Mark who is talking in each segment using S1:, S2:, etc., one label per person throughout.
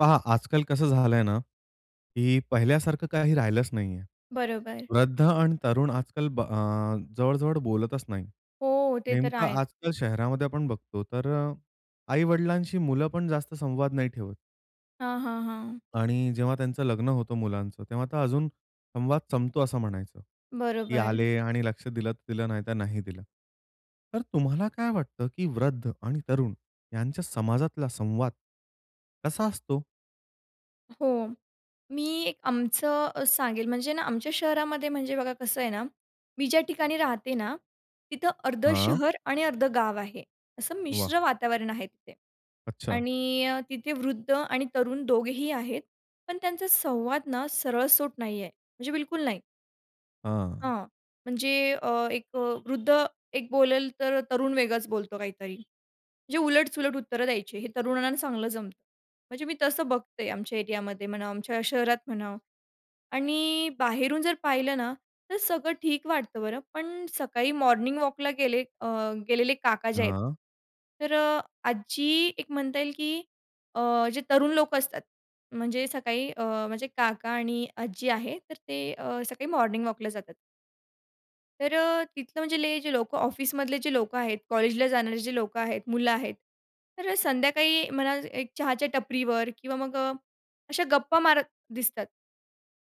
S1: पहा आजकाल कसं झालंय ना की पहिल्यासारखं काही राहिलंच नाहीये.
S2: बरोबर.
S1: वृद्ध आणि तरुण आजकाल ब अ, जवळ-जवळ बोलतच नाही.
S2: हो, ते तर
S1: नेमकं
S2: आहेच.
S1: आजकाल शहरामध्ये आपण बघतो तर आई-वडिलांशी मुलं पण जास्त संवाद नाही ठेवत.
S2: हां, हां, हां.
S1: आणि जेव्हा त्यांचं लग्न होतं मुलांचं तेव्हा तर अजून संवाद संपतो असं म्हणायचं की
S2: बरोबर.
S1: आले आणि लक्ष दिलं तर दिलं, नाहीतर नाही दिलं. तर तुम्हाला काय वाटतं, की वृद्ध आणि तरुण यांच्या समाजातला संवाद, कसा असतो?
S2: हो, मी एक आमचं अ, सांगेल म्हणजे ना आमच्या शहरामध्ये म्हणजे बघा कसं आहे ना, मी ज्या ठिकाणी राहते ना, तिथं अर्धं
S1: हां.
S2: शहर आणि अर्धं गाव आहे. असं
S1: वाह!
S2: मिश्र वातावरण आहे तिथे
S1: अच्छा.
S2: आणि अ, तिथे वृद्ध आणि तरुण दोघेही आहेत. पण त्यांचा संवाद ना सरळसोट नाही आहे म्हणजे बिलकुल नाही.
S1: हां.
S2: हां म्हणजे अ, एक वृद्ध एक बोलेल, तर तरुण वेगळाच बोलतो काहीतरी. म्हणजे उलट-सुलट उत्तरं द्यायची हे तरुणांना चांगलं जमतं. म्हणजे मी तसं बघते आमच्या एरियामध्ये म्हणा, आमच्या शहरात म्हणा आणि बाहेरून जर पाहिलं ना, तर सगळं ठीक वाटतं बरं पण सकाळी मॉर्निंग वॉकला गेले अ, गेलेले काका जे आहेत
S1: हां.
S2: तर अ, आज जी एक म्हणता येईल की अ, जे तरुण लोकं असतात, म्हणजे सकाळी अ, माझे काका आणि आजी आहे तर ते अ, सकाळी मॉर्निंग वॉकला जातात. तर अ, तिथलं म्हणजे जे लोकं ऑफिसमधले जे लोकं आहेत, कॉलेजला जाणारे जे लोकं आहेत मुलं आहेत. तर संध्याकाळी मला एक चहाच्या टपरीवर किंवा मग अशा गप्पा मारत दिसतात.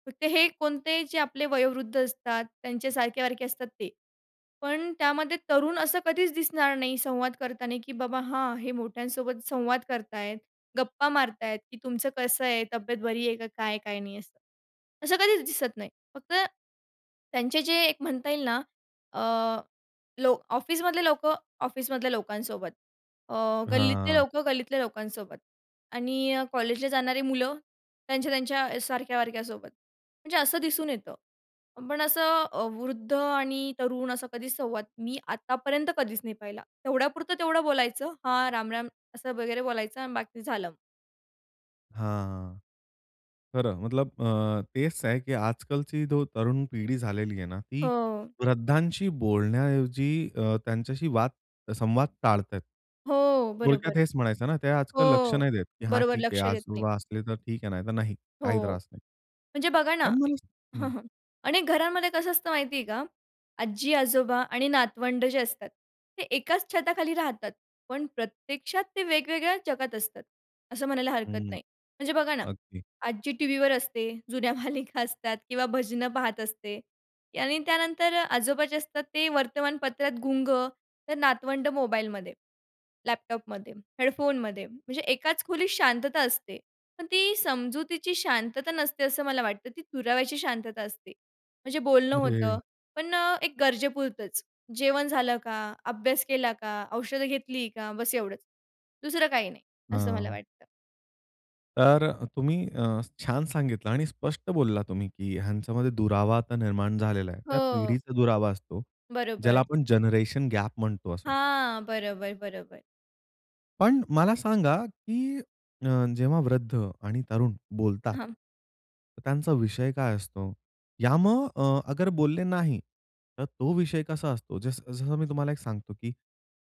S2: फक्त हे कोणते जे आपले वयोवृद्ध असतात, त्यांच्या सारखे-वारखे असतात ते. पण त्यामध्ये तरुण असं कधीच दिसणार नाही संवाद करताना की "बाबा, हां हे मोठ्यांसोबत संवाद करत आहेत, गप्पा मारत आहेत की तुमचं कसं आहे? तब्येत बरी आहे का काय? काय नाही," असं. असं कधीच दिसत नाही. फक्त त्यांचे जे एक म्हणता येईल ना अ, लोक ऑफिसमधले लोकं ऑफिसमधल्या लोकांसोबत, अ, गल्लीतले
S1: हां.
S2: लोकं गल्लीतल्या लोकांसोबत आणि अ, कॉलेजला जाणारी मुलं त्यांच्या, त्यांच्या सारख्या-वारख्यासोबत. म्हणजे असं दिसून येतं. पण असं वृद्ध आणि तरुण असा कधीच संवाद मी आतापर्यंत कधीच नाही पाहिला. तेवढ्यापुरतं तेवढं बोलायचं, "हां, रामराम." असं वगैरे बोलायचं आणि बाकी झालं.
S1: हां. खरं. मतलब अ, तेच आहे की आजकालची जो तरुण पिढी झालेली आहे ना, ती
S2: हो.
S1: वृद्धांशी बोलण्याऐवजी अ, त्यांच्याशी वाद संवाद टाळताहेत.
S2: हो, बरोबर.
S1: थोडक्यात हेच म्हणायचं ना, ते आजकाल लक्ष
S2: हो.
S1: नाही देत की "हा,
S2: बरोबर
S1: ठीक आहे
S2: लक्ष
S1: आज
S2: देत नाही.
S1: असले, तर ठीक आहे, नाहीतर नाही, काही
S2: हो,
S1: त्रास नाही."
S2: म्हणजे बघा ना,
S1: पण मला हं.
S2: अनेक घरांमध्ये कसं असतं माहिती आहे का, आज्जी-आजोबा आणि नातवंड जे असतात, ते एकाच छताखाली राहतात. पण प्रत्यक्षात ते वेगवेगळ्या जगात असतात, असं म्हणायला हरकत
S1: हं.
S2: नाही. म्हणजे बघा ना
S1: अगदी.
S2: आज्जी टीव्हीवर असते जुन्या मालिका असतात किंवा भजनं पाहत असते आणि त्यानंतर आजोबा जे असतात ते वर्तमानपत्रात गुंग तर नातवंड मोबाईलमध्ये, लॅपटॉपमध्ये, हेडफोनमध्ये. म्हणजे एकाच खोलीत शांतता असते. पण ती समजुतीची शांतता नसते असं मला वाटतं, ती दुराव्याची शांतता असते म्हणजे बोलणं
S1: अरे!
S2: होतं, पण एक गरजेपुरतंच, "जेवण झालं का? अभ्यास केला का? औषधं घेतली का?" बस एवढंच. दुसरं काही नाही, असं मला
S1: हां.
S2: वाटतं.
S1: तर अ, तुम्ही छान सांगितलं आणि स्पष्ट बोलला तुम्ही, की ह्यांच्यामध्ये दुरावा निर्माण झालेला आहे. त्या
S2: हो.
S1: पिढीचा दुरावा असतो, ज्याला
S2: बरोबर.
S1: आपण जनरेशन गॅप म्हणतो असं.
S2: हां. बरोबर, बरोबर.
S1: पण मला सांगा, की अ, जेव्हा वृद्ध आणि तरुण बोलतात,
S2: हां.
S1: तर त्यांचा विषय काय असतो? या मग अ, अगर बोलले नाही तर तो विषय कसा असतो. जस जसं मी तुम्हाला एक सांगतो, की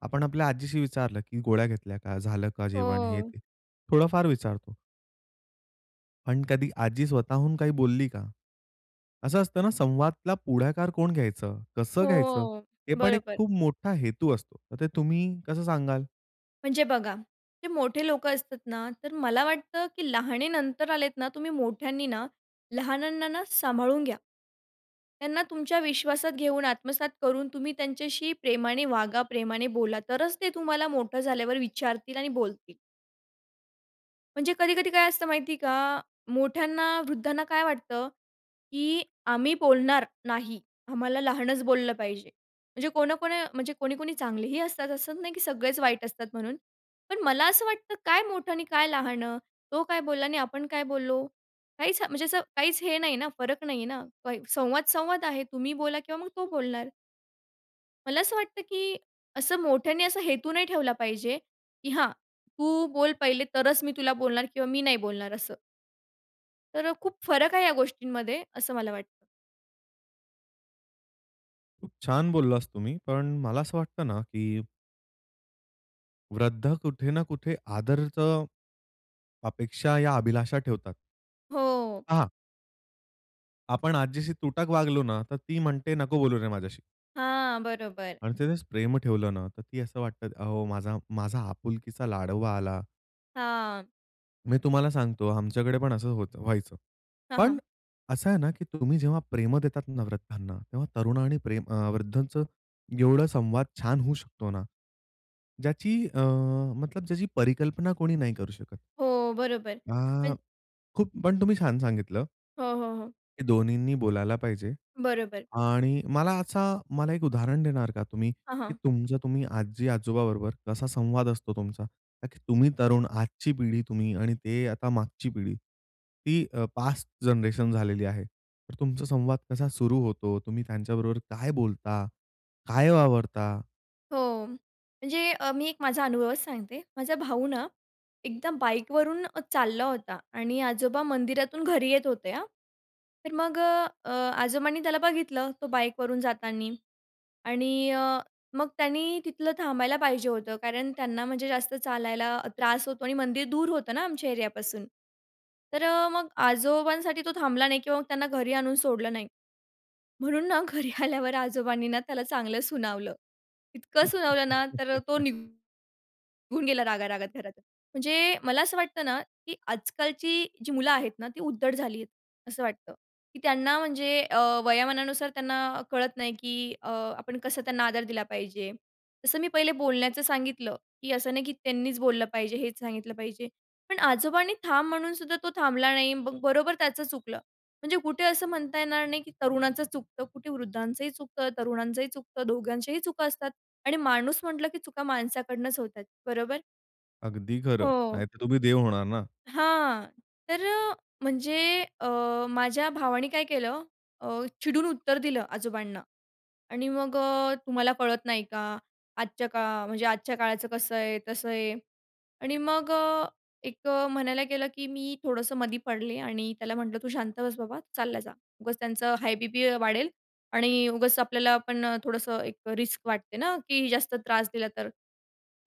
S1: आपण आपल्या आजीशी विचारलं, की गोळ्या घेतल्या का? झालं का जेवण हे,
S2: हो.
S1: ते थोडं फार विचारतो. पण कधी आजी स्वतःहून काही बोलली का? असं असतं ना संवादाला पुढाकार कोण घ्यायचं? कसं घ्यायचं?
S2: हो.
S1: हे पण एक
S2: बरोबर.
S1: खूप मोठा हेतू असतो. तर ते तुम्ही कसं सांगाल?
S2: म्हणजे बघा, जे मोठे लोकं असतात ना तर मला वाटतं, की लहानेनंतर आलेत ना तुम्ही मोठ्यांनी ना, लहानांना ना, सांभाळून घ्या. त्यांना तुमच्या विश्वासात घेऊन, आत्मसात करून तुम्ही त्यांच्याशी प्रेमाने वागा, प्रेमाने बोला तरच ते तुम्हाला मोठं झाल्यावर विचारतील आणि बोलतील. म्हणजे कधी-कधी काय असतं माहिती का? मोठ्यांना वृद्धांना काय वाटतं, की आम्ही बोलणार नाही, आम्हाला लहानच बोललं पाहिजे. म्हणजे कोणकोण म्हणजे कोणी, कोणी चांगलेही असतात असं नाही की सगळेच वाईट असतात म्हणून, पण मला असं वाटतं काय मोठं आणि काय लहान? तो काय बोलला आणि आपण काय बोललो? काहीच म्हणजे असं काहीच हे नाही ना, फरक नाहीये ना संवाद, संवाद आहे. तुम्ही बोला किंवा मग तो बोलणार. मला असं वाटतं की असं मोठ्याने असा हेतू नाही ठेवला पाहिजे, की "हां, तू बोल पहिले तरच मी तुला बोलणार किंवा मी नाही बोलणार" असं. तर अ, खूप फरक आहे या गोष्टींमध्ये, असं मला वाटतं.
S1: खूप छान बोललास तुम्ही, पण मला असं वाटतं ना की वृद्ध कुठे ना कुठे आदरचं अपेक्षा या अभिलाषा ठेवतात.
S2: हो.
S1: हां. आपण आजीशी तुटक वागलो ना तर ती म्हणते, "नको बोलू रे माझ्याशी!"
S2: हां, बरोबर.
S1: आणि त्यानेच प्रेम ठेवलं ना, तर ती असं वाटतं, "अहो माझा माझा आपुलकीचा लाडोबा आला."
S2: हां.
S1: मी तुम्हाला सांगतो आमच्याकडे पण असं होतं व्हायचं.
S2: हां,
S1: पण
S2: हां.
S1: अ, असं आहे ना, की तुम्ही जेव्हा प्रेम देतात ना वृद्धांना, तेव्हा तरुण आणि प्रेम अ, वृद्धांचं एवढं संवाद छान होऊ शकतो ना, ज्याची अ, मतलब ज्याची, परिकल्पना कोणी नाही करू शकत.
S2: हो, बरोबर.
S1: आ,
S2: पण
S1: खूप पण तुम्ही छान सांगितलं.
S2: हो, हो, हो.
S1: हे दोन्हीींनी बोलायला पाहिजे.
S2: बरोबर.
S1: आणि मला असा मला एक उदाहरण देणार का तुम्ही?
S2: हां,
S1: की
S2: हां.
S1: तुमचं तुम्ही आजी-आजोबा बरोबर कसा संवाद असतो तुमचा? ताकी तुम्ही तरुण, आजची पिढी तुम्ही आणि ते आता मागची पिढी, ती अ, पास्ट जनरेशन झालेली आहे. तर तुमचा संवाद कसा सुरु होतो? तुम्ही त्यांच्याबरोबर काय बोलता? काय वावरता?
S2: हो. म्हणजे अ, मी एक माझा अनुभवच सांगते. माझा भाऊ ना, एकदा बाईकवरून अ, चालला होता आणि आजोबा मंदिरातून घरी येत होते हां. तर मग अ, आजोबांनी त्याला बघितलं तो बाईकवरून जातानी आणि अ, मग त्यानी तिथलं थांबायला पाहिजे होतं, कारण त्यांना म्हणजे जास्त चालायला त्रास होतो आणि मंदिर दूर होतं ना आमच्या एरियापासून तर अ, मग आजोबांसाठी तो थांबला नाही किंवा त्यांना घरी आणून सोडलं नाही. म्हणून ना घरी आल्यावर आजोबांनी ना, त्याला चांगलं सुनावलं. इतकं सुनावलं ना तर तो निघून गेला रागारागात घरा म्हणजे मला असं वाटतं ना, की आजकालची जी मुलं आहेत ना ती उद्धट झाली आहेत, असं वाटतं, की त्यांना म्हणजे अ, वयोमानानुसार त्यांना कळत नाही, की अ, आपण कसं त्यांना आदर दिला पाहिजे. तसं मी पहिले बोलण्याचं सांगितलं, की असं नाही की त्यांनीच बोललं पाहिजे, हेच सांगितलं पाहिजे. पण आजोबांनी थांब म्हणून सुद्धा तो थांबला नाही मग बरोबर त्याचं चुकलं. म्हणजे कुठे असं म्हणता येणार नाही, की तरुणाचं चुकतं, कुठे वृद्धांचंही चुकतं, तरुणांचंही चुकतं दोघांच्याही चुका असतात आणि माणूस म्हटलं, की चुका माणसाकडूनच होतात. बरोबर?
S1: अगदी खरं.
S2: हो.
S1: नाहीतर तुम्ही देव होणार ना.
S2: हां. तर म्हणजे अ, माझ्या भावाने काय केलं अ, चिडून उत्तर दिलं आजोबांना आणि मग अ, "तुम्हाला कळत नाही का? आजच्या का म्हणजे आजच्या काळाचं कसं आहे, तसं आहे," आणि मग अ, एक अ, म्हणायला गेलं की मी थोडंसं मधी पडले आणि त्याला म्हटलं, "तू शांत बस बाबा, चालला जा. उगाच त्यांचं हाय बीपी वाढेल आणि उगाच आपल्याला पण" थोडंसं एक रिस्क वाटते ना की जास्त त्रास दिला तर.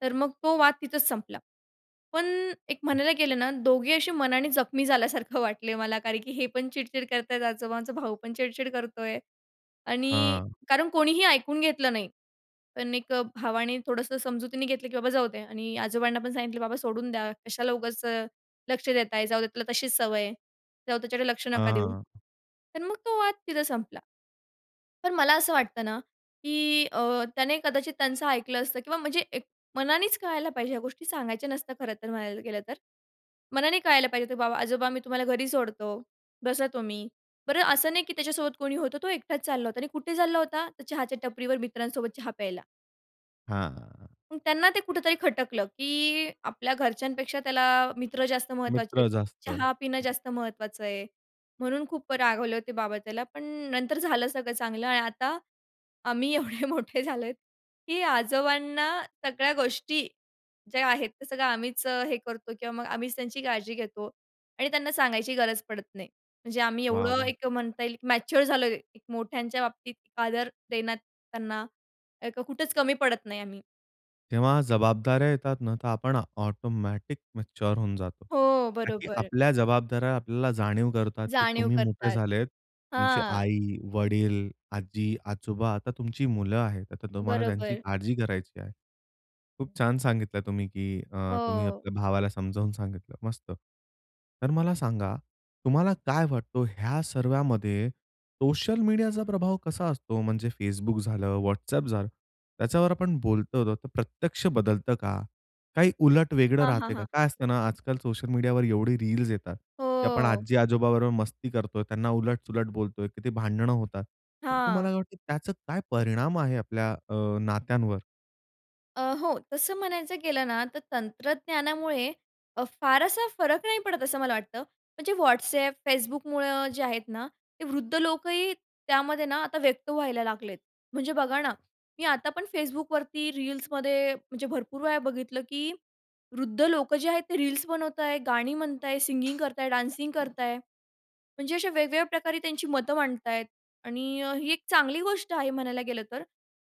S2: तर मग तो वाद तिथंच संपला, पण एक म्हणायला गेलं ना, दोघेही अशी मनाने जखमी झाल्यासारखं वाटलं मला, कारण की हे पण चिडचिड करत आहेत, आजोबांचा भाऊ पण चिडचिड करतोय आणि
S1: हां.
S2: कारण कोणीही ऐकून घेतलं नाही. पण एक भावाने थोडंसं समजुतीने घेतलं, की "बाबा, जाऊ दे" आणि आजोबांना पण सांगितलं, "बाबा, सोडून द्या, कशाला उगाच लक्ष देत आहे, जाऊ दे त्याला, तशीच सवय आहे, जाऊ त्याकडे लक्ष नका
S1: हां,
S2: देऊ."
S1: हां.
S2: तर मग तो वाद तिथे संपला. पण मला असं वाटतं ना की अ, त्याने कदाचित त्यांचं ऐकलं असतं किंवा म्हणजे एक मनानेच कळायला पाहिजे, ह्या गोष्टी सांगायच्या नसत्या, खरं तर, म्हणायला गेलं तर. मनाने कळायला पाहिजे, "बाबा आजोबा, मी तुम्हाला घरी सोडतो, बसा तुम्ही." बरं असं नाही की त्याच्यासोबत कोणी होतं, तो एकटाच चालला होता आणि कुठे चालला होता, तर चहाच्या टपरीवर मित्रांसोबत चहा प्यायला.
S1: हां.
S2: अ, त्यांना ते कुठेतरी खटकलं, की आपल्या घरच्यांपेक्षा त्याला मित्र जास्त महत्त्वाचे,
S1: मित्र जास्त.
S2: चहा पिणं जास्त महत्त्वाचं आहे. म्हणून खूप रागवले होते बाबा त्याला. पण नंतर झालं सगळं चांगलं. आणि आता आम्ही एवढे मोठे झालो आहोत, की आजोबांना सगळ्या गोष्टी ज्या आहेत, ते सगळं आम्हीच हे करतो किंवा मग आम्हीच त्यांची काळजी घेतो आणि त्यांना सांगायची गरज पडत नाही. म्हणजे आम्ही
S1: वाह!
S2: एवढं
S1: वाह!
S2: एक म्हणता येईल, की मॅच्युअर झालो एक मोठ्यांच्या बाबतीत, आदर देण्यात त्यांना एक कुठंच कमी पडत नाही आम्ही.
S1: तेव्हा जबाबदाऱ्या येतात ना तर आपण आ ऑटोमॅटिक मॅच्युअर होऊन जातो.
S2: हो,
S1: का की
S2: बरोबर.
S1: आपल्या जबाबदाऱ्या आपल्याला जाणीव करतात, की
S2: जाणीव
S1: तुम्ही मोठे
S2: करतात.
S1: झालेत तुमची
S2: हां.
S1: आई, वडील, आजी, आजोबा आता तुमची मुलं आहेत. अता तुम्हाला त्यांची
S2: बरोबर.
S1: काळजी करायची आहे. खूप छान सांगितलं तुम्ही, की अ, तुम्ही
S2: हो.
S1: आपल्या भावाला समजावून सांगितलं, मस्त. तर मला सांगा तुम्हाला काय वाटतो ह्या सर्वामध्ये सोशल मीडियाचा प्रभाव कसा असतो म्हणजे Facebook झालं, WhatsApp झालं त्याच्यावर आपण बोलतो तर प्रत्यक्ष बदलतं का? काही उलट वेगळं
S2: हां, हां,
S1: राहतंय का?
S2: हां.
S1: काय असतं ना आजकाल सोशल मीडियावर एवढी रील्स येतात, की आपण
S2: हो.
S1: आजी-आजोबा बरोबर मस्ती करतोय, त्यांना उलट-सुलट बोलतोय, किती भांडणं होतात. तर तुम्हाला
S2: हां.
S1: काय वाटतं त्याचा काय परिणाम आहे आपल्या अ, नात्यांवर?
S2: अ, हो. तसं म्हणायचं गेलं ना, तर तंत्रज्ञानामुळे अ, फार असा फरक नाही पडत असं मला वाटतं, म्हणजे WhatsApp, Facebookमुळं जे आहेत ना, ते वृद्ध लोकही त्यामध्ये ना आता व्यक्त व्हायला लागलेत. म्हणजे बघा ना, मी आता पण Facebookवरती रील्समध्ये, म्हणजे भरपूर वेळा बघितलं की वृद्ध लोकं जे आहेत ते रील्स बनवत आहे, गाणी म्हणत आहे, सिंगिंग करताय, डान्सिंग करत आहे. म्हणजे अशा वेगवेगळ्या प्रकारे त्यांची मतं मांडत आहेत. आणि अ, ही एक चांगली गोष्ट आहे म्हणायला गेलं तर.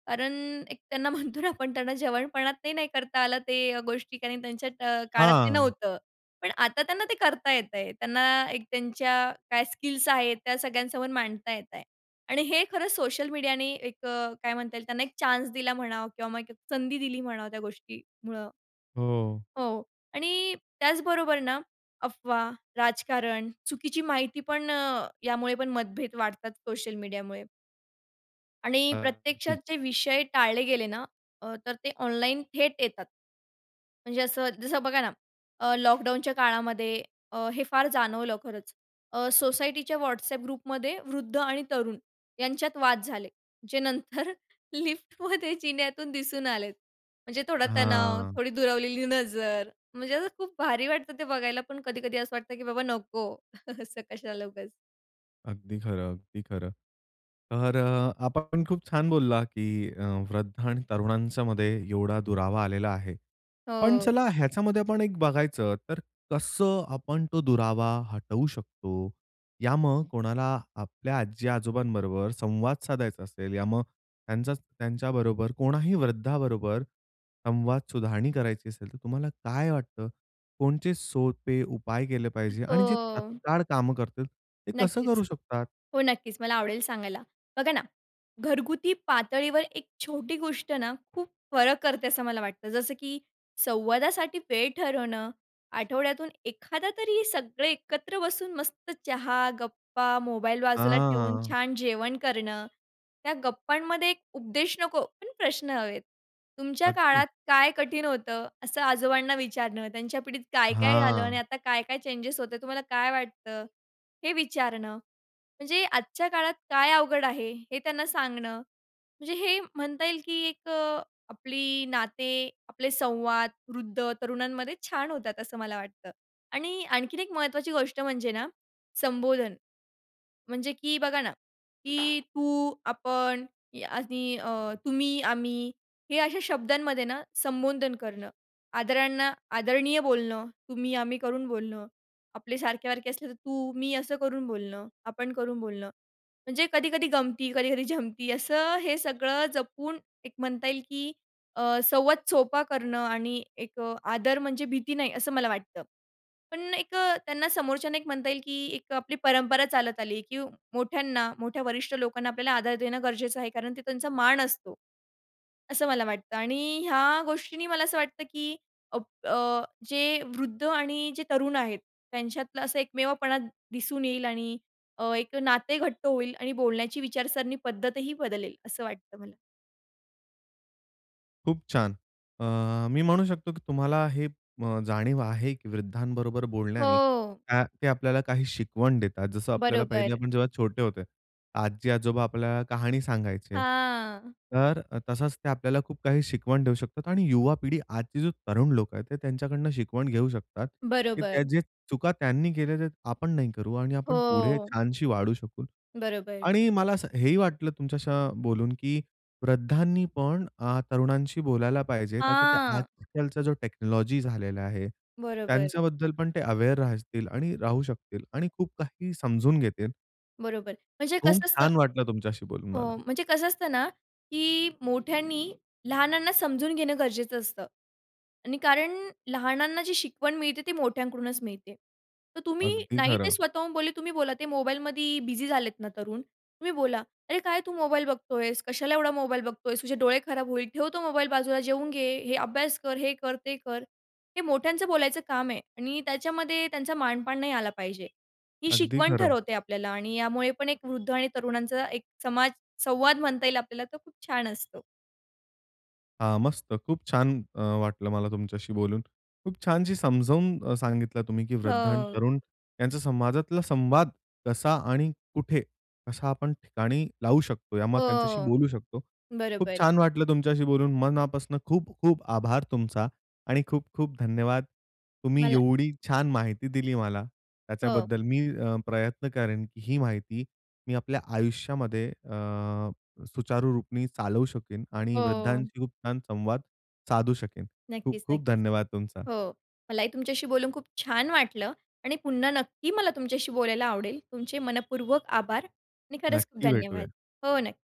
S2: कारण एक त्यांना म्हणतो ना आपण त्यांना जवानपणात ते नाही करता आलं ते गोष्टी कारण, त्यांच्या त्या काळात ते
S1: हां.
S2: नव्हतं. पण आता त्यांना ते करता येतंय. त्यांना एक त्यांच्या काय स्किल्स आहेत, त्या सगळ्यांसमोर मांडता येत आहे आणि हे खरंच सोशल मीडियाने एक अ, काय म्हणता येईल, त्यांना एक चान्स दिला म्हणा किंवा मग एक संधी दिली म्हणावं, त्या गोष्टीमुळं.
S1: हो.
S2: हो आणि त्याचबरोबर ना अफवा, राजकारण, चुकीची माहिती पण, यामुळे पण मतभेद वाढतात सोशल मीडियामुळे. आणि
S1: हां.
S2: प्रत्यक्षात
S1: ठीक.
S2: जे विषय टाळले गेले ना अ, तर ते ऑनलाईन थेट येतात. म्हणजे असं जसं बघा ना अ, लॉकडाऊनच्या काळामध्ये अ, हे फार जाणवलं खरंच अ, सोसायटीच्या WhatsApp ग्रुपमध्ये वृद्ध आणि तरुण, यांच्यात वाद झाले. जे नंतर लिफ्टमध्ये, जिन्यातून दिसून आलेत. म्हणजे थोडा तणाव,
S1: हां.
S2: थोडी दुरावलेली नजर, म्हणजे असं खूप भारी वाटतं ते बघायला, पण कधी-कधी असं वाटतं की, "बाबा नको, असं कशाला उगाच."
S1: अगदी खरं, अगदी खरं. तर अ, आपा पण खूप छान बोलला की अ, वृद्धा आणि तरुणांच्यामध्ये एवढा दुरावा आलेला आहे. पण
S2: हो.
S1: चला ह्याच्यामध्ये आपण एक बघायचं, तर कसं आपण तो दुरावा हटवू शकतो, या मग कोणाला आपल्या आजी-आजोबांबरोबर संवाद साधायचा असेल, या मग त्यांचा त्यांच्याबरोबर कोणाही वृद्धाबरोबर संवाद सुधारणी करायची असेल, तर तुम्हाला काय वाटतं? कोणचे सोपे उपाय केले पाहिजे आणि जे
S2: हो.
S1: तात्काळ कामं करतील, ते कसं
S2: नक्कीच.
S1: करू शकतात?
S2: हो, नक्कीच, मला आवडेल सांगायला. बघा ना, घरगुती पातळीवर एक छोटी गोष्ट ना, खूप फरक करते असं मला वाटतं, जसं की संवादासाठी वेळ ठरवणं, आठवड्यातून एखादा तरी सगळे एकत्र बसून मस्त चहा, गप्पा, मोबाईल बाजूला ठेवून
S1: हां.
S2: छान जेवण करणं. त्या गप्पांमध्ये एक उपदेश नको, पण प्रश्न हवेत. तुमच्या
S1: अगदी.
S2: काळात काय कठीण होतं? असं आजोबांना विचारणं, त्यांच्या पिढीत काय-काय झालं आणि
S1: हां.
S2: आता काय-काय चेंजेस होते, तुम्हाला काय वाटतं? हे विचारणं. म्हणजे आजच्या काळात काय अवघड आहे, हे त्यांना सांगणं, म्हणजे हे म्हणता येईल की एक आपली नाते, आपले संवाद, वृद्ध, तरुणांमध्ये छान होतात, असं मला वाटतं. आणि आणखीन एक महत्त्वाची गोष्ट म्हणजे ना, संबोधन. म्हणजे की बघा ना, की तू, आपण आणि अ, तुम्ही, आम्ही हे अशा शब्दांमध्ये ना संबोधन करणं, आदरांना आदरणीय बोलणं, तुम्ही आम्ही करून बोलणं, आपले सारखे-सारखे असले तर तू, मी असं करून बोलणं, आपण करून बोलणं, म्हणजे कधी-कधी गमती, कधी-कधी जमती असं हे सगळं जपून एक म्हणता येईल की अ, संवाद सोपा करणं आणि एक आदर, म्हणजे भीती नाही, असं मला वाटतं. पण एक त्यांना समोरच्याने एक म्हणता येईल की एक आपली परंपरा चालत आली की मोठ्यांना, मोठ्या वरिष्ठ लोकांना आपल्याला आदर देणं गरजेचं आहे, कारण ते त्यांचा मान असतो. असं मला वाटतं आणि ह्या गोष्टींनी मला असं वाटतं की अप अ, जे वृद्ध आणि जे तरुण आहेत, त्यांच्यातला असा एकमेवपणा दिसून येईल आणि अ, एक नाते घट्ट होईल आणि बोलण्याची विचारसरणी, पद्धतही बदलेल, असं वाटतं मला.
S1: खूप छान. अ, मी म्हणू शकतो की तुम्हाला हे जाणीव आहे की वृद्धांबरोबर बोलण्याने,
S2: हो.
S1: का ते आपल्याला काही शिकवण देतात, जसं आपल्याला
S2: बरोबर.
S1: आपण जेव्हा छोटे होते, आजी-आजोबा आपल्याला कहाणी सांगायचे.
S2: हां.
S1: तर अ, तसंच ते आपल्याला खूप काही शिकवण देऊ शकतात. आणि युवा पिढी आजची जी तरुण लोकं आहेत, ते त्यांच्याकडनं शिकवण घेऊ शकतात. की
S2: बरोबर.
S1: त्या जे चुका त्यांनी केल्या, ते आपण नाही करू आणि आपण पुढे
S2: हो.
S1: छानशी वाढू शकू.
S2: बरोबर.
S1: आणि मला हेही सां वाटलं, तुमच्याशी बोलून की वृद्धांनी पण अ, तरुणांशी बोलायला पाहिजे, ताकी ते
S2: हां.
S1: आजकालचा जो टेक्नॉलॉजी झालेला आहे,
S2: बरोबर.
S1: त्यांच्याबद्दल पण ते अवेअर राहतील आणि राहू शकतील आणि खूप काही समजून घेतील.
S2: बरोबर. म्हणजे
S1: खूप
S2: कसं असतं
S1: छान वाटलं, तुमच्याशी बोलून
S2: हो.
S1: मला.
S2: म्हणजे कसं असतं ना, की मोठ्यांनी लहानांना समजून घेणं गरजेचं असतं आणि कारण लहानांना जी शिकवण मिळते, ती मोठ्यांकडूनच मिळते. तर तुम्ही
S1: अगदी
S2: नाही ते
S1: खरं.
S2: स्वतःहून बोलले, तुम्ही बोला ते मोबाईलमध्ये बिझी झालेत ना तरुण, तुम्ही बोला, "अरे, काय तू? मोबाईल बघतोयेस, कशाला एवढा मोबाईल बघतोयेस? तुझे डोळे खराब होईल. ठेव तो मोबाईल. बाजूला जेवून घे. हे अभ्यास कर, हे कर, ते कर." हे मोठ्यांचं बोलायचं काम आहे आणि त्याच्यामध्ये त्यांचा मानपान नाही आला पाहिजे. ही
S1: अगदी
S2: शिकवण
S1: खरं.
S2: ठरवते आपल्याला आणि यामुळे पण एक वृद्ध आणि तरुणांचा एक समाज संवाद म्हणता येईल आपल्याला, तर खूप छान असतो.
S1: हां, मस्त. खूप छान वाटलं मला अ, तुमच्याशी बोलून. खूप छानशी समजावून अ, सांगितलं तुम्ही की वृद्ध आणि
S2: हो.
S1: तरुण यांचा समाजातला संवाद कसा आणि कुठे, कसा आपण ठिकाणी लावू शकतो, या मग त्यांच्याशी
S2: हो.
S1: बोलू शकतो. खूप
S2: बरोबर.
S1: छान वाटलं तुमच्याशी बोलून मनापासून खूप खूप आभार तुमचा आणि खूप खूप धन्यवाद. तुम्ही
S2: मला
S1: एवढी छान माहिती दिली मला,
S2: हो.
S1: त्याच्याबद्दल मी अ, प्रयत्न करेन की ही माहिती, मी आपल्या आयुष्यामध्ये अ, सुचारुरूपी चालवू शकेन आणि
S2: हो.
S1: वृद्धांशी खूप छान संवाद साधू शकेन. खूप
S2: नक्कीच,
S1: खूप
S2: नक्कीच.
S1: धन्यवाद तुमचा.
S2: हो. मलाही तुमच्याशी बोलून खूप छान वाटलं आणि पुन्हा नक्की मला तुमच्याशी बोलायला आवडेल. तुमचे मनःपूर्वक आभार आणि खरंच खूप
S1: नक्की
S2: धन्यवाद.
S1: भेटूया.
S2: हो, नक्की.